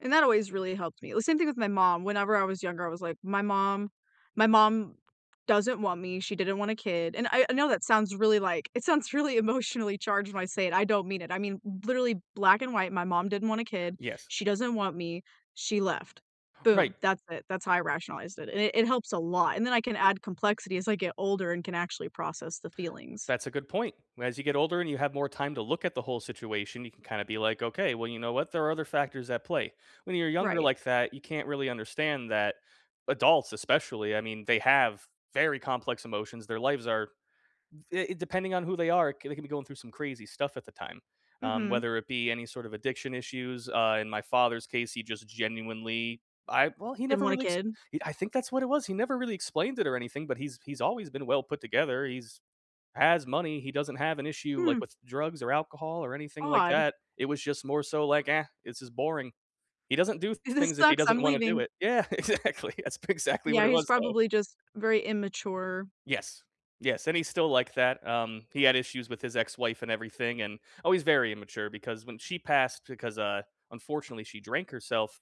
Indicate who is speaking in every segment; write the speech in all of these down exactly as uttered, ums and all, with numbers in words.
Speaker 1: And that always really helped me. The same thing with my mom. Whenever I was younger, I was, like, my mom my mom doesn't want me, she didn't want a kid, and I I know that sounds really, like, it sounds really emotionally charged when I say it. I don't mean it. I mean, literally black and white, my mom didn't want a kid,
Speaker 2: Yes.
Speaker 1: she doesn't want me, she left.
Speaker 2: Right.
Speaker 1: Boom! That's it. That's how I rationalized it, and it and it helps a lot, and then I can add complexity as I get older and can actually process the feelings.
Speaker 2: That's a good point. Whe as you get older and you have more time to look at the whole situation, you can kinda be, like, "Okay. Well, you know what? There are other factors at play." When you're younger
Speaker 1: Right.
Speaker 2: like that, you can't really understand that adults, especially, I mean, they have very complex emotions, their lives are it depending on who they are, they can be going through some crazy stuff at the time. Um,
Speaker 1: Mhm.
Speaker 2: whether it be any sorta addiction issues, uh, in my father's case, he just genuinely I well, he
Speaker 1: Didn't
Speaker 2: never
Speaker 1: want a
Speaker 2: really exp
Speaker 1: kid?
Speaker 2: I think that's what it was, he never really explained it or anything, but he's he's always been well put together. He's has money. He doesn't have an issue, like,
Speaker 1: Hmm.
Speaker 2: with drugs or alcohol or anything like
Speaker 1: Odd.
Speaker 2: that. It was just more so, like, "Ah, this is boring." He doesn't do
Speaker 1: This
Speaker 2: things if he
Speaker 1: sucks.
Speaker 2: doesn't
Speaker 1: I'm
Speaker 2: wanna do
Speaker 1: leaving.
Speaker 2: it. Yeah. Exactly. That's p exactly what
Speaker 1: Yeah.
Speaker 2: it
Speaker 1: He's
Speaker 2: was, though.
Speaker 1: probably just very immature.
Speaker 2: Yes. Yes, and he's still like that, um, he had issues with his ex-wife and everything and oh, he's very immature because when she passed because, uh, unfortunately, she drank herself,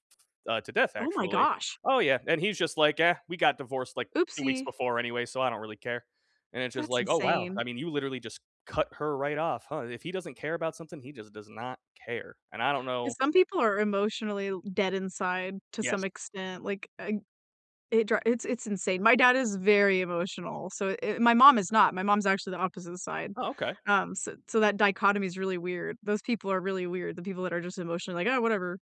Speaker 2: uh, to death,
Speaker 1: Oh my
Speaker 2: actually.
Speaker 1: gosh.
Speaker 2: Oh, yeah, and he's just, like, "Ah, we got divorced, like, two weeks
Speaker 1: Oopsie.
Speaker 2: before anyway, so I don't really care." And it's just,
Speaker 1: That's
Speaker 2: like, oh, wow.
Speaker 1: insane.
Speaker 2: I mean, you literally just cut her right off, huh. If he doesn't care about something, he just does not care, and I don't
Speaker 1: 'Cause
Speaker 2: know
Speaker 1: some people are emotionally dead inside to some
Speaker 2: Yes.
Speaker 1: extent. Like, ug it dri it's it's insane. My dad is very emotional. So, eh, my mom is not. My mom's actually the opposite side.
Speaker 2: Oh, okay.
Speaker 1: Um, so so that dichotomy is really weird. Those people are really weird. The people that are just emotionally, like, "Oh, whatever."